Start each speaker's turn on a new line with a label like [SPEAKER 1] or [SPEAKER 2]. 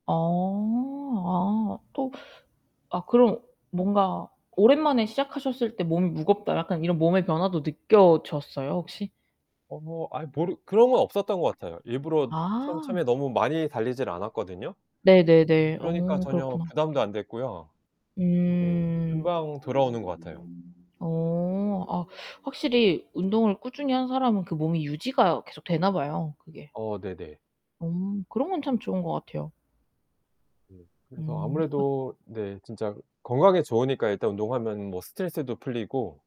[SPEAKER 1] 어. 아 또 아 그럼 뭔가 오랜만에 시작하셨을 때 '몸이 무겁다.' 약간 이런 몸의 변화도 느껴졌어요, 혹시?
[SPEAKER 2] 어 아이 모르 그런 건 없었던 것 같아요. 일부러 첨
[SPEAKER 1] 아.
[SPEAKER 2] 처음에 너무 많이 달리질 않았거든요.
[SPEAKER 1] 네네네.
[SPEAKER 2] 그러니까
[SPEAKER 1] 어,
[SPEAKER 2] 전혀
[SPEAKER 1] 그렇구나.
[SPEAKER 2] 부담도 안 됐고요. 예.
[SPEAKER 1] 음.
[SPEAKER 2] 금방 돌아오는 것 같아요.
[SPEAKER 1] 어 아 확실히 운동을 꾸준히 한 사람은 그 몸이 유지가 계속 되나 봐요 그게.
[SPEAKER 2] 어, 네네.
[SPEAKER 1] 어. 그런 건 참 좋은 것 같아요.
[SPEAKER 2] 예. 그래서
[SPEAKER 1] 음. 어
[SPEAKER 2] 아무래도 네 진짜 건강에 좋으니까 일단 운동하면 뭐 스트레스도 풀리고